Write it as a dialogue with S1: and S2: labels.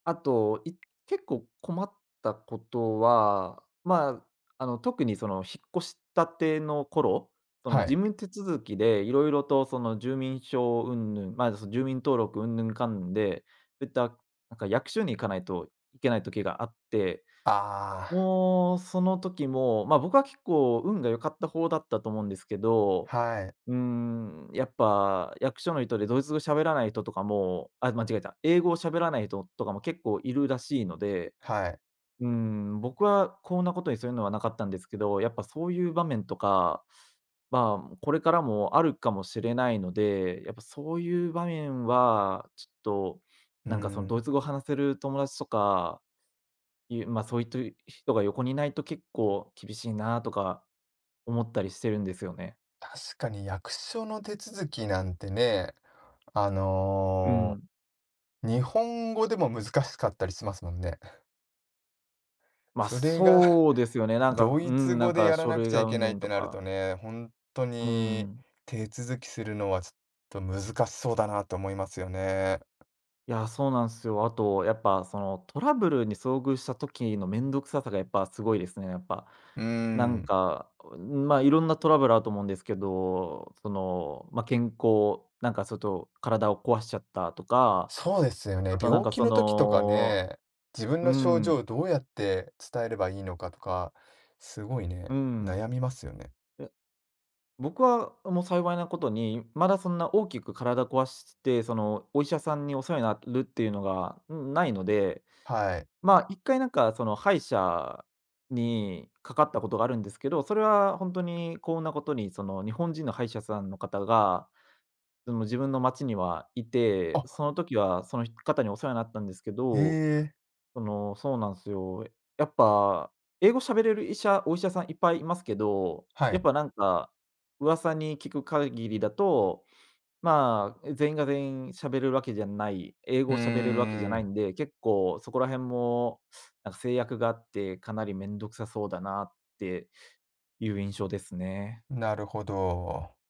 S1: あと、い結構困ったことは、ま、あの、特に、その、引っ越したての頃？その、
S2: は
S1: 事
S2: い。
S1: 務手続きでいろいろと、その、住民票云々、ま、住民登録云々かんぬんで、そういった、なんか、役所に行かないといけない時があって、
S2: ああ。
S1: もう、その時も、ま、僕は結構運が良かった方だったと思うんですけど、
S2: はい。
S1: うーん、やっぱ役所の人でドイツ語喋らない人とかも、あ、間違えた、英語を喋らない人とかも結構いるらしいので、
S2: はい。
S1: うーん、僕はこんなことにそういうのはなかったんですけど、やっぱそういう場面とかまあ、これからもあるかもしれないので、やっぱそういう場面は、ちょっと、
S2: うー
S1: なんか、その、ドイ
S2: ん。
S1: ツ語を話せる友達とか、いうま、そういった人が横にいないと結構厳しいなあとか思ったりしてるんですよね。
S2: 確かに役所の手続きなんてね、あ
S1: うー
S2: の、
S1: ん。
S2: 日本語でも難しかったりしますもんね。
S1: ま、
S2: それが、
S1: そうですよね。なんか、
S2: ド
S1: うー
S2: イツ
S1: ん、な
S2: 語
S1: ん
S2: で
S1: か、
S2: やら
S1: 書
S2: なく
S1: 類
S2: ちゃ
S1: が
S2: いけ
S1: 云
S2: ないっ
S1: 々
S2: て
S1: と
S2: なると
S1: か。
S2: ね、ほんと
S1: うー
S2: に、
S1: ん。
S2: 手続きするのは、ちょっと、難しそうだなと思いますよね。
S1: いや、そうなんすよ。あと、やっぱ、その、トラブルに遭遇した時のめんどくささが、やっぱすごいですね、やっぱ。
S2: うー
S1: なん
S2: ん。
S1: か、こう、ま、いろんなトラブルあると思うんですけど、その、ま、健康なんか、ちょっと、体を壊しちゃったとか、
S2: そうですよね、
S1: あと、なん
S2: 病
S1: か、
S2: 気
S1: そ
S2: の時とか
S1: の、
S2: ね、自分
S1: うー
S2: の症状を
S1: ん。
S2: どうやって伝えればいいのかとか、すごい
S1: うー
S2: ね、
S1: ん。
S2: 悩みますよね。
S1: え、僕は、もう、幸いなことに、まだそんな大きく体壊して、その、お医者さんにお世話になるっていうのが、うん、ないので、
S2: はい。
S1: まあ、1回、なんか、その、歯医者にかかったことがあるんですけど、それはほんとに幸運なことに、その、日本人の歯医者さんの方が、その、自分の街にはい
S2: あ
S1: て、
S2: っ。
S1: その時は、その、ひ方にお世話になったんですけ
S2: え
S1: ど、
S2: え。
S1: その、そうなんすよ。やっぱ英語しゃべれる医者お医者さんいっぱいいますけど、
S2: は
S1: やっ
S2: い。
S1: ぱ、なんか、噂に聞く限りだと、まあ、全員が全員喋れるわけじゃない、英
S2: う
S1: 語を喋れるわけじゃ
S2: ー
S1: ない
S2: ん。
S1: んで、結構そこら辺も、なんか、制約があって、かなりめんどくさそうだなっていう印象ですね。
S2: なるほど。